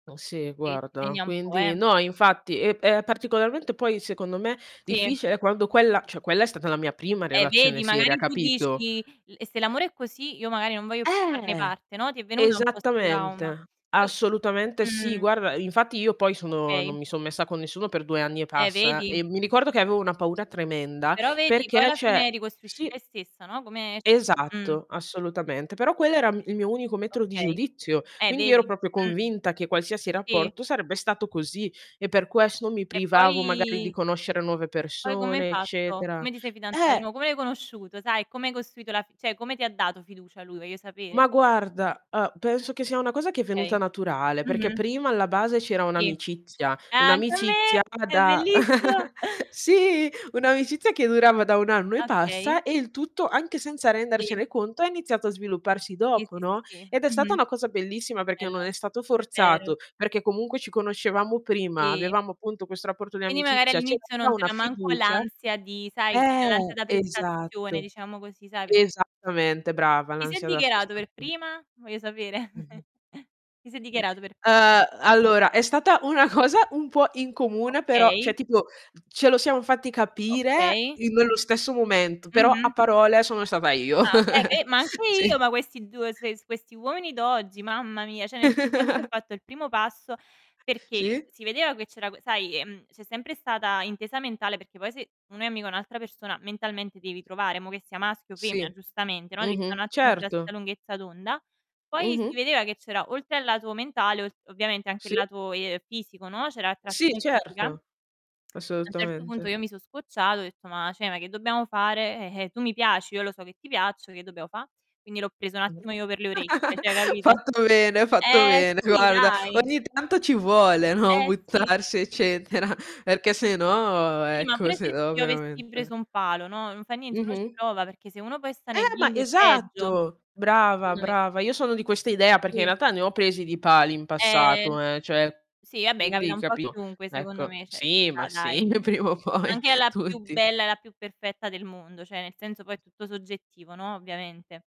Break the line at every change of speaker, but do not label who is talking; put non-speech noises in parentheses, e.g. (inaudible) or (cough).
(unintelligible) sì,
Sì, ti
guarda.
segna un po', eh.
Quindi no, infatti, è p è particolarmente poi, secondo me,
Sì.
difficile quando quella cioè, quella è stata la mia prima
Eh
relazione
vedi,
seria,
magari tu
capito?
dici: "L se l'amore è così, io magari non voglio più farne
Eh,
parte", no? Ti è venuto un po' 'sto trauma.
esattamente.
(unintelligible)
Assolutamente sì,
Mh.
guarda, infatti io poi sono
Okay.
non mi son messa con nessuno per 2 anni e
Eh,
passa
vedi?
e mi ricordo che avevo una paura tremenda
Però vedi, poi
perché
alla fine
cioè
ricostruisci
sì.
te stessa, no? Come cioè,
Esatto,
mh.
assolutamente. Però quello era m il mio unico metro di
Okay.
giudizio,
Eh,
quindi ero
vedi?
proprio
Mh.
convinta che qualsiasi
Sì?
rapporto sarebbe stato così e per questo mi
E
privavo magari di
poi
conoscere nuove
poi come hai
persone,
fatto?
eccetera
Come ti sei fidanza di
eh.
nuo come l'hai conosciuto, sai, come hai costruito la fi cioè, come ti ha dato fiducia lui, voglio sapere.
Ma guarda, uhm, penso che sia una cosa che è
Okay.
venuta naturale, perché
Mh-mh.
prima alla base c'era
Sì.
un'amicizia,
Ah, anche a
un'amicizia
me!
a
È
da
bellissimo.
(chuckles) sì, un'amicizia che durava da 1 anno e
Okay.
passa e il tutto, anche senza
Sì.
rendercene conto è iniziato a svilupparsi
Sì,
dopo,
sì, sì,
no,
sì.
ed è stata
Mh-mh.
una cosa bellissima perché non
Bello,
è stato
è vero.
forzato, perché comunque ci conoscevamo prima,
Sì.
avevamo appunto questo rapporto di
Quindi magari
amicizia, c'era
all'inizio
già
non
una
c'era manco
fiducia
l'ansia di sai, l'ansia
eh,
da prestazione,
esatto.
diciamo così, sai, perché
Esattamente, brava,
Chi si è
l'ansia da
dichiarato per
sprestazio
prima? Voglio sapere.
Mh-mh.
(chuckles) Chi si è dichiarato per
(unintelligible)
prima?
ehm, allora è stata una cosa un po' incomune però
Okay.
cioè, tipo ce lo siam fatti capire
Okay.
i nello stesso momento, però
Mh-mh.
a parole sono stata io.
Ah okay, eh
(chuckles)
be ma anche io,
Sì.
ma questi 2, se questi uomini d'oggi, mamma mia, cioè, nel senso anch'io ho
(giggles)
fatto il primo passo, perché
Sì.
si vedeva che c'era sai, ehm, c'è sempre stata intesa mentale, perché poi se uno è amico a un'altra persona, mentalmente devi trovare, mo' che sia maschio o femmina,
Sì.
giustamente, no, devi sta' un
Mh-mh,
attimo sulla stessa
certo.
lunghezza d'onda. Poi si
Mh-mh.
vedeva che c'era, oltre al lato mentale, ol ovviamente anche il
Sì.
lato, ehm, fisico, no. C'era
Sì,
attrazione fisica.
certo.
A un certo punto
Assolutamente.
io mi so' scocciata, ho detto: "Ma cioè, ma che dobbiamo fare? Eh, eh, tu mi piaci, io lo so che ti piaccio, che dobbiamo fa'?" Quindi l'ho preso un attimo io per le orecchie,
(chuckles)
cioè, capito?
Fatto bene, fatto
Eh
bene,
sì,
guarda.
dai.
Ogni tanto ci vuole, no,
Eh sì.
buttarsi eccetera, perché sennò
Sì, ma
ecco,
pure se
sennò
io avessi preso
veramente
un palo, no, non fa niente, uno ci
Mh-mh.
prova, perché se uno poi sta nel
Eh, ma
limbo è peggio,
esatto. Brava,
secondo me.
brava. Io sono di questa idea, perché in
Sì.
realtà ne ho presi di pali in
Eh n
passato, eh, cioè,
sì, vabbè, capita
quindi
un po' a
capito,
chiunque, secondo
ecco.
me, cioè, ci
Sì, ma
sta dai.
sì, prima o poi
Anche alla più
tutti.
bella e la più perfetta del mondo, cioè, nel senso poi è
(unintelligible)
tutto soggettivo, no, ovviamente.